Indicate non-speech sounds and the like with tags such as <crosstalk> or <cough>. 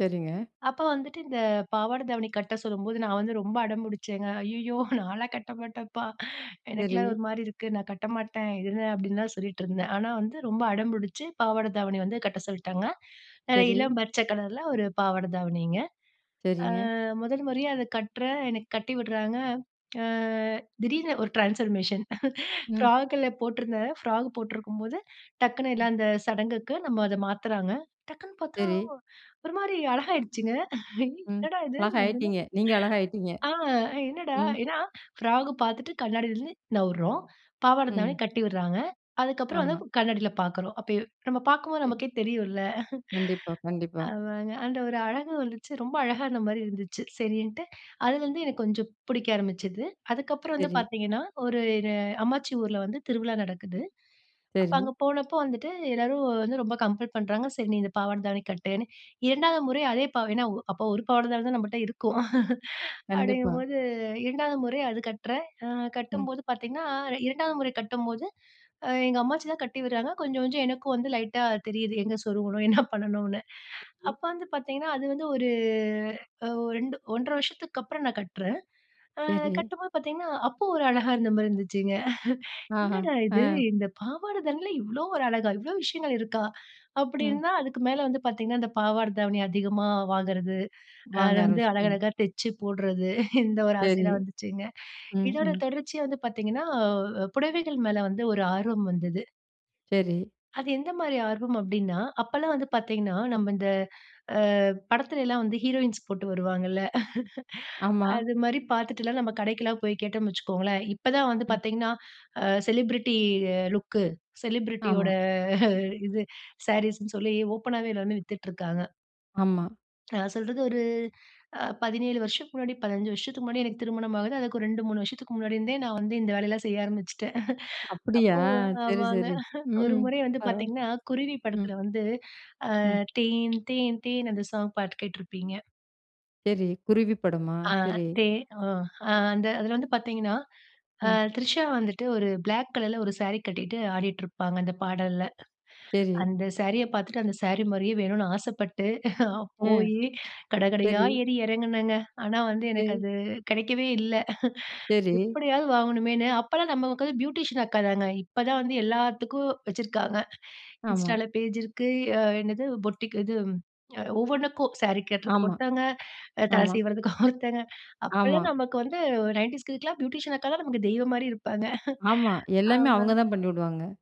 சரிங்க. அப்ப வந்துட்டு இந்த பாவாட தாவணி கட்ட சொல்லும்போது, நான் வந்து ரொம்ப அடம்புடிச்சேங்க. "ஐயய்யோ! நான்லாம் கட்ட மாட்டேம்ப்பா! எனக்கெல்லாம் சரி. ஒருமாரி இருக்கு. நான் கட்டமாட்டேன் இது என்ன?" அப்டின்லாம் சொல்லிட்டுருந்தேன். ஆனா வந்து ரொம்ப அடம்புடிச்சு பாவாட தாவணி வந்து கட்ட சொல்ட்டாங்க. நல்ல சரி. இளம் பச்ச கலர்ல ஒரு பாவாட தாவணிங்க. ஆ சரிங்க. முதல் முறையா அத கட்டுறேன், எனக்கு கட்டி விடுறாங்க ஆ திடீர்னு ஒரு ட்ரான்ஸ்ஃபார்மேஷன் ம். ஃப்ராகுல போட்டிருந்தேன். ஃப்ராக் போட்டிருக்கும்போது டக்குனு ம். எல்லாம் அந்த சடங்குக்கு நம்ம அத மாத்துறாங்க. டக்குன்னு பார்த்தா, சரி. ஒருமாரி அழகாகிடுச்சுங்க. ஐ! ம், என்னடா! இது முதல்ல அழகாகயிட்டீங்க! நீங்க அழகா ஆயிட்டீங்க! ஆ என்னடா! ம். ஏன்னா ஃப்ராக் பார்த்துட்டு கண்ணாடியிலருந்து நவுறோம். பாவாட தாவணி ம். கட்டி விட்றாங்க. அதுக்கப்புறம் வந்து ஆமா. கண்ணாடில பார்க்குறோம். அப்ப நம்ம பார்க்கும்போது சரி. நமக்கே தெரியும்ல. கண்டிப்பா, கண்டிப்பா. அதாங்க. <chuckles> அந்த ஒரு அழகு வந்துச்சு. ரொம்ப அழகா இருந்தமாரி இருந்துச்சு. சரின்ட்டு, அதுலருந்து எனக்கு கொஞ்சம் பிடிக்க ஆரம்பிச்சது. அதுக்கப்புறம் வந்து சரி. பார்த்தீங்கன்னா, ஒரு இது அம்மாச்சி ஊர்ல வந்து திருவிழா நடக்குது. அப்ப சரி. அங்கே போனப்போ வந்துட்டு எல்லாரும் வந்து ரொம்ப கம்பள் பண்றாங்க. சரி. நீ இந்த பாவாட தாவணி கட்டுன்னு, 2வது முறை அதே பா ஏன்னா அப்போ 1 பாவாட தான் நம்மட்ட இருக்கும். <chuckles> கண்டிப்பா. அப்டிங்கம்போது 2வது முறை அது கட்றேன். அ ம். கட்டும்போது பார்த்தீங்கன்னா, இரு 2வது முறை கட்டும்போது அ எங்க அம்மாச்சி தான் கட்டி விட்றாங்க. கொஞ்சம் கொஞ்சம் எனக்கும் வந்து லைட்டா தெரியுது, எங்கே சொருகணும் என்ன பண்ணணுன்னு. ம். அப்ப வந்து பார்த்தீங்கன்னா, அது வந்து ஒரு அ 2 1 1/2 வருஷத்துக்கு அப்புறம் நான் கட்டுறேன். அ சரி. கட்டும்போது பார்த்தீங்கன்னா, அப்போ ஒரு அழகா இருந்தமாரி இருந்துச்சுங்க. <chuckles> ஆஹா! என்னடா! இது ஆ. இந்த பாவாட தவணில இவ்ளோ ஒரு அழகா! இவ்ளோ விஷயங்கள் இருக்கா! அப்டி ம். இருந்தா, அதுக்கு மேலே வந்து பார்த்தீங்கன்னா இந்த பாவாட தாவணி அதிகமா வாங்கறது. அ அத வாங்க வந்து ஆரம்பிச்சுட்டீங்க. அழகழகா தெச்சு போடுறது, <chuckles> இந்த ஒரு சரி. ஆசைலாம் வந்துச்சுங்க. ம், இதோட ம். தொடர்ச்சியா வந்து பார்த்தீங்கன்னா, அ புடவைகள் மேலே வந்து ஒரு ஆர்வம் வந்தது. சரி. அது எந்தமாரி ஆர்வம் அப்டின்னா, அப்பல்லாம் வந்து பார்த்தீங்கன்னா, நம்ம இந்த அ படத்தில எல்லாம் வந்து ஹீரோயின்ஸ் போட்டு வருவாங்கல்ல. <chuckles> ஆமா. அதுமாரி பார்த்துட்டுலாம் நம்ம கடைக்குல்லாம் போய் கேட்டோம்ன்கனு வச்சிக்கோங்களேன், இப்ப தான் வந்து ம். பார்த்தீங்கன்னா, அ செலிபிரிட்டி அ லுக், செலிபிரிட்டியோட ஆமா. இது சாரீஸ்ன்னு சொல்லி ஓப்பன்னாவே எல்லாருமே வித்துட்டுருக்காங்க. ஆமா. நான் சொல்றது ஒரு அ 17 வருஷத்துக்கு முன்னாடி 15 வருஷத்துக்கு முன்னாடி எனக்கு திருமணம் ஆகுது. அதுக்கு ஒரு 2, 3 வருஷத்துக்கு முன்னாடி இருந்தே நான் வந்து இந்த வேலையெல்லாம் செய்ய ஆரம்பிச்சுட்டேன். அப்டியா! அப்போ சரி, ஆமாங்க. சரி. 1 ம் முறை வந்து பரவா பார்த்தீங்கன்னா, குருவி ம். படத்தில வந்து ஆ ம். தேன் தேன் தேன் அந்த சாங் பாட்டு கேட்டிருப்பீங்க. சரி. குருவி படமா? ஆ, சரி. தே அ அந்த அதில வந்து பார்த்தீங்கன்னா, ஆ ம். த்ரிஷா வந்துட்டு ஒரு பிளாக் கலர்ல ஒரு சாரி கட்டிகிட்டு ஆடிட்டுருப்பாங்க, அந்த பாடல்ல. சரி. அந்த சாரிய பார்த்துட்டு அந்தசாரி மாரியே வேணுன்னு <chuckles> ஆசப்பட்டு அ, போயி கட கடையா சரி. ஏறி இறங்குனேங்க. ஆனா, வந்து எனக்கு சரி. அது கிடைக்கவே இல்ல. <chuckles> சரி. எப்டியாவது வாங்கணுமேன்னு அப்பலாம் நமக்கு வந்து பியூட்டிஷியன் அக்கா தாங்க! இப்பதான் வந்து எல்லாத்துக்கும் வச்சிருக்காங்க. ஆமா. Instaல பேஜ் இருக்கு. அ என்னது பொட்டிக் இதும், அ ஒவ்வொன்னுக்கும் சாரி கட்டுறதுக்கு ஆமா, ஒருத்தவுங்க. தல <chuckles> ஆமா. சீவுறதுக்கு ஒருத்தங்க ஆமா. அப்பல்லாம் நமக்கு வந்து 90'ஸ் நயன்டீஸ் கிட்ஸ்க்குலாம் பியூட்டிஷியன் அக்கா தான் நமக்கு தெய்வம்மாரி இருப்பாங்க. <chuckles> ஆமா. எல்லாமே அவுங்க ஆமாங்க. தான் பண்ணிடுவாங்க.